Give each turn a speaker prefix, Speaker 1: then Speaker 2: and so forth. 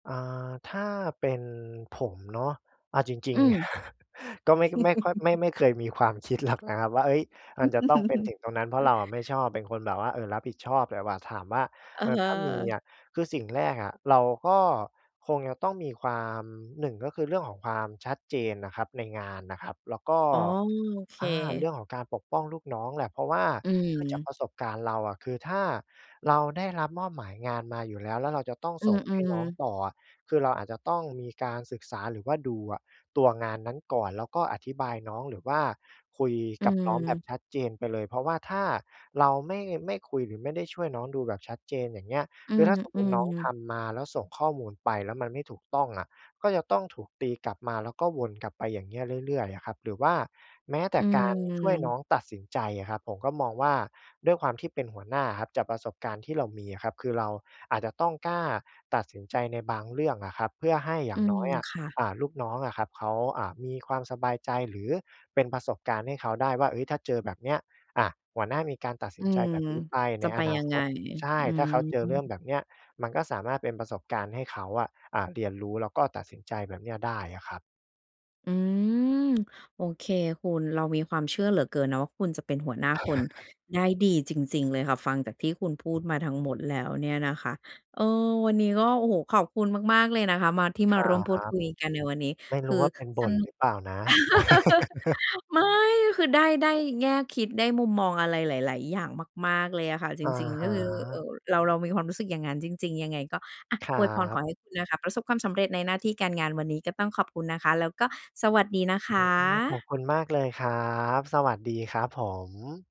Speaker 1: อ่า ถ้าเป็นผมเนาะ เอาจร
Speaker 2: อ
Speaker 1: ิ
Speaker 2: ื
Speaker 1: ง ๆ
Speaker 2: ม
Speaker 1: ก็ไม่ ไม่ค่อย ไม่ ไม่เคยมีความคิด หรอก นะครับว่า เอ๊ย! มันจะต้องเป็นถึงตรงนั้น เพราะเราอะไม่ชอบเป็นคนแบบว่า เอ่อ รับผิดชอบเลยว่ะ ถามว่า
Speaker 2: อ
Speaker 1: เ
Speaker 2: ะ
Speaker 1: อ่อ
Speaker 2: ฮ
Speaker 1: ถ้ามี
Speaker 2: ะ
Speaker 1: อะ คือสิ่งแรกอะ เราก็คงจะต้องมีความ 1 ก็คือเรื่องของความชัดเจนนะครับ ในงานนะครับ แล้วก็
Speaker 2: อ๋อ โอเค
Speaker 1: อา เรื่องของการปกป้องลูกน้องแหละ เพราะว่า
Speaker 2: อื
Speaker 1: เนื่องจาก
Speaker 2: ม
Speaker 1: ประสบการณ์เราอะ คือถ้าเราได้รับมอบหมายงานมาอยู่แล้ว แล้วเราจะต้อง
Speaker 2: อื
Speaker 1: ส่งให้
Speaker 2: อ
Speaker 1: น้อง
Speaker 2: ๆ
Speaker 1: ต่อ คือเราอาจจะต้องมีการศึกษา หรือว่าดูอะตัวงานนั้นก่อน แล้วก็อธิบายน้อง หรือว่าคุย
Speaker 2: อื
Speaker 1: กับน้องแบบ
Speaker 2: ม
Speaker 1: ชัดเจนไปเลย เพราะว่าถ้าเราไม่ ไม่คุย หรือไม่ได้ช่วยน้องดูแบบชัดเจน อย่างเงี้ย
Speaker 2: อื
Speaker 1: คือถ้าสมมุติน้องท
Speaker 2: ม ๆ
Speaker 1: ำมาแล้ว ส่งข้อมูลไปแล้ว มันไม่ถูกต้องอะ ก็จะต้องถูกตีกลับมาแล้วก็วนกลับไปอย่างเงี้ยเรื่อย ๆ อะครับ หรือว่าแม้แต
Speaker 2: อ
Speaker 1: ่
Speaker 2: ื
Speaker 1: การช่วยน้
Speaker 2: ม
Speaker 1: องตัดสินใจอะครับ ผมก็มองว่า ด้วยความที่เป็นหัวหน้าอะครับ จากประสบการณ์ที่เรามีอะครับ คือเราอาจจะต้องกล้าตัดสินใจในบางเรื่องอะครับ เพื่อให้อย่
Speaker 2: อื
Speaker 1: างน้
Speaker 2: ม
Speaker 1: อยอะ
Speaker 2: ค่ะ
Speaker 1: อ่า ลูกน้องอะครับ เขา อ่า มีความสบายใจ หรือเป็นประสบการณ์ให้เขาได้ว่า เอ๊ย ถ้าเจอแบบเนี้ย อะ หัวหน้ามีการตัดส
Speaker 2: อื
Speaker 1: ินใจ
Speaker 2: ม
Speaker 1: แบบนี้ไป
Speaker 2: จ
Speaker 1: ใน
Speaker 2: ะไป
Speaker 1: อนา
Speaker 2: ยัง
Speaker 1: ค
Speaker 2: ไง
Speaker 1: ต ใช่
Speaker 2: อื
Speaker 1: ถ้า
Speaker 2: ม
Speaker 1: เขาเจอเรื่องแบบเนี้ย มันก็สามารถเป็นประสบการณ์ให้เขาอะ อ่า เรียนรู้แล้วก็ตัดสินใจแบบเนี้ยได้อะครับ
Speaker 2: อืม โอเคคุณ เรามีความเชื่อเหลือเกินนะว่า คุณจะเป็นหัวหน้าคนได้ดีจริง ๆ เลยค่ะ ฟังจากที่คุณพู
Speaker 1: อ
Speaker 2: ด
Speaker 1: ืม
Speaker 2: มาทั้งหมดแล้วเนี่ยนะคะ เออ วันนี้ก็ โอ้โฮ! ขอบคุณมาก ๆ เลยนะคะ มา ที่
Speaker 1: ค
Speaker 2: ม
Speaker 1: ร
Speaker 2: า
Speaker 1: ั
Speaker 2: ร่วมพูด
Speaker 1: บ
Speaker 2: คุยกันในวันนี้
Speaker 1: ไม่ร
Speaker 2: ค
Speaker 1: ู้
Speaker 2: ื
Speaker 1: ว
Speaker 2: อ
Speaker 1: ่าเป็นบ
Speaker 2: ส
Speaker 1: ่น
Speaker 2: นุ
Speaker 1: หร
Speaker 2: ก
Speaker 1: ือเปล่านะ
Speaker 2: ไม่ คือได้ ได้แง่คิดได้มุมมองอะไรหลาย ๆ อย่างมาก ๆ เลยอะค่ะ จ
Speaker 1: อะ
Speaker 2: ริง ๆ
Speaker 1: ฮ
Speaker 2: ก็คือ เอ่
Speaker 1: ะ
Speaker 2: อ เรา เรามีความรู้สึกอย่างงั้นจริง ๆ ยังไงก็ อะ
Speaker 1: ครั
Speaker 2: อวยพรข
Speaker 1: บ
Speaker 2: อให้คุณนะคะประสบความสำเร็จในหน้าที่การงาน วันนี้ก็ต้องขอบคุณนะคะ แล้วก็สวัสดีนะค
Speaker 1: อืม ขอบ
Speaker 2: ะ
Speaker 1: คุณมากเลยครับ สวัสดีครับผม